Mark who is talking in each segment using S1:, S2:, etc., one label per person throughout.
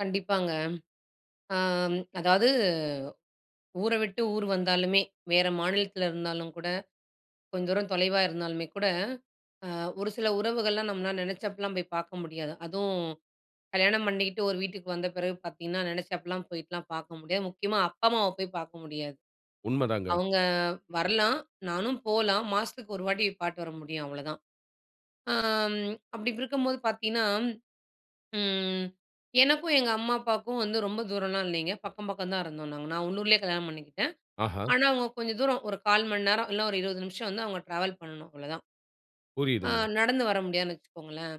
S1: கண்டிப்பாங்க. அம் அதாவது, ஊர விட்டு ஊர் வந்தாலுமே, வேற மாநிலத்தில இருந்தாலும் கூட, கொஞ்ச தூரம் தொலைவா இருந்தாலுமே கூட அ ஒரு சில உறவுகள்லாம் நம்மன்னா நெனைச்சப்பல்லாம் போய் பார்க்க முடியாது. அதுவும் கல்யாணம் பண்ணிகிட்டு ஒரு வீட்டுக்கு வந்த பிறகு பார்த்தீங்கன்னா, நெனைச்சப்பல்லாம் போய்ட்டுல்லாம் பார்க்க முடியாது. முக்கியமா அப்பா அம்மாவ போய் பார்க்க முடியாது.
S2: உண்மதாங்க.
S1: அவுங்க வரலாம், நானும் போலாம். மாசத்துக்கு 1 வாட்டி பாத்துட்டு வர முடியும் அவ்ளோ தான். ஆம் அப்படி இருக்கும்போது பார்த்தீங்கன்னா, ம் எனக்கும், எங்க அம்மா அப்பாவுக்கும் வந்து ரொம்ப தூரம்லாம் இல்லைங்க. பக்கம், பக்கம் தான் இருந்தோம் நாங்க. நான் உள்ளூரிலே கல்யாணம் பண்ணிக்கிட்டேன்.
S2: ஆஹா.
S1: ஆனா அவங்க கொஞ்சம் தூரம். ஒரு 0:15 மணி நேரம், இல்ல ஒரு 20 நிமிஷம் வந்து அவங்க ட்ராவல் பண்ணணும் அவ்ளோதான். ஆ
S2: புரியுதுங்க.
S1: நடந்து வர முடியாதுன்னு வச்சுக்கோங்களேன்.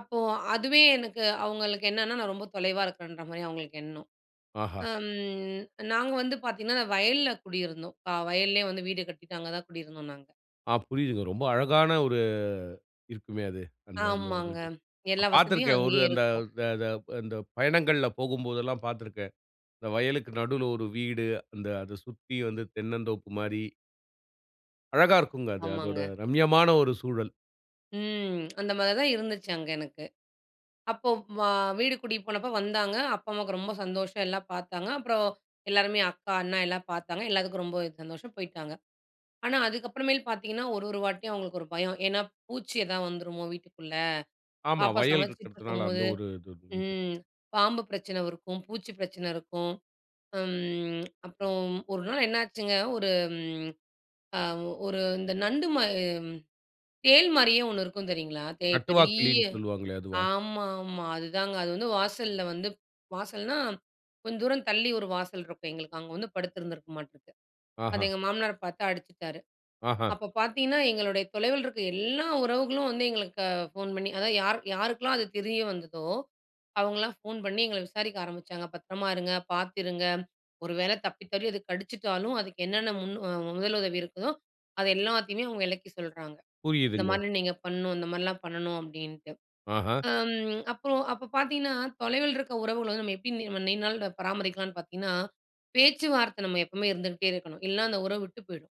S1: அப்போ அதுவே எனக்கு அவங்களுக்கு என்னன்னா நான் ரொம்ப தொலைவா இருக்குறேன்ற மாரி அவங்களுக்கு எண்ணம்.
S2: ஆஹா!
S1: அம் நாங்க வந்து பார்த்தீங்கன்னா, வயல்ல குடியிருந்தோம். அ வயல்லேயே வந்து வீடு கட்டிட்டு அங்க தான் குடியிருந்தோம் நாங்க.
S2: ஆ புரியுதுங்க. ரொம்ப அழகான ஒரு இருக்குமே அது. அந்த அந்த ஒரு
S1: ஆமாங்க
S2: இது.
S1: எல்லா
S2: நான்
S1: வசதியும்
S2: பார்த்திருக்கேன் ஒரு
S1: அங்கேயே
S2: அந்த
S1: இருக்கும்.
S2: அத த அந்த பயணங்கள்ல போகும்போதெல்லாம் பார்த்திருக்கேன். இந்த வயலுக்கு நடுவுல ஒரு வீடு. அந்த அத சுத்தி வந்து தென்னந்தோப்பு மாரி. அழகா இருக்கும்ங்க அது. அதோட
S1: ஆமாங்க.
S2: ரம்யமான ஒரு சூழல்.
S1: ம். அந்த மாரி தான் இருந்துச்சு அங்க எனக்கு. அப்போ வ வீடு கூட்டிட்டு போனப்போ வந்தாங்க. அப்பா அம்மாவுக்கு ரொம்ப சந்தோஷம். எல்லாம் பார்த்தாங்க. அப்பறம் எல்லாருமே அக்கா, அண்ணா எல்லாம் பார்த்தாங்க. எல்லாத்துக்கும் ரொம்போ சந்தோஷம், போயிட்டாங்க. ஆனா அதுக்கப்புறமேல் பார்த்தீங்கன்னா, ஒரு, ஒரு வாட்டியும் அவங்களுக்கு ஒரு பயம். ஏன்னா பூச்சி ஏதாவது வந்துருமோ வீட்டுக்குள்ள.
S2: ஆமா.
S1: பாப்பா
S2: வயல் இருக்கறத்துனால அந்த
S1: சமைச்சுக்கிட்ருக்கும்போது.
S2: ஒரு இது வந்து
S1: ம் பாம்பு பிரச்சனை இருக்கும். பூச்சி பிரச்சனை இருக்கும். ம் அப்பறம், ஒரு நாள் என்னாச்சுங்க, ஒரு ம் அ ஒரு இந்த நண்டு மா தேள் மாரியே ஒண்ணு இருக்கும் தெரியுங்களா? தே
S2: நட்டுவா
S1: பெரிய
S2: கிளின்னு சொல்லுவாங்களே அதுவா?
S1: ஆமா, ஆமா. அதுதாங்க அது வந்து வாசல்ல வந்து வாசல்ன்னா கொஞ்சம் தூரம் தள்ளி ஒரு வாசல் இருக்கும் எங்களுக்கு. அங்க வந்து படுத்துருந்துருக்கும் மாட்டிருக்கு. அது
S2: ஆஹா!
S1: எங்க மாமனார் பார்த்து அடிச்சுட்டாரு.
S2: ஆஹா!
S1: அப்ப பார்த்தீங்கன்னா, எங்களுடைய தொலைவில இருக்க எல்லா உறவுகளும் வந்து எங்களுக்கு ஃபோன் பண்ணி அதாவது யாரு யாருக்கெல்லாம் அது தெரிய வந்ததோ அவங்கள்லாம் ஃபோன் பண்ணி எங்கள விசாரிக்க ஆரம்பிச்சாங்க. பத்திரமா இருங்க, பார்த்து இருங்க. ஒரு வேளை தப்பித் தவறி அது கடிச்சுட்டாலும், அதுக்கு என்னென்ன முன் முதலுதவி இருக்குதோ, அது எல்லாத்தையுமே அவங்க விளக்கி சொல்றாங்க. "இந்த
S2: புரியுதுங்க.
S1: மானி நீங்க பண்ணணும், இந்த மாரில்லாம் பண்ணணும்." அப்படீன்ட்டு.
S2: ஆஹா!
S1: அம் அப்பறம் அப்போ பார்த்தீங்கன்னா, தொலைவில இருக்க உறவுகள வந்து நம்ம எப்படி நீ நீண்ட நாள் பராமரிக்கலாம்ன்னு பார்த்தீங்கன்னா, பேச்சுவார்த்தை நம்ம எப்பவுமே இருந்துகிட்டே இருக்கணும், இல்ல அந்த உறவு விட்டு போயிடும்.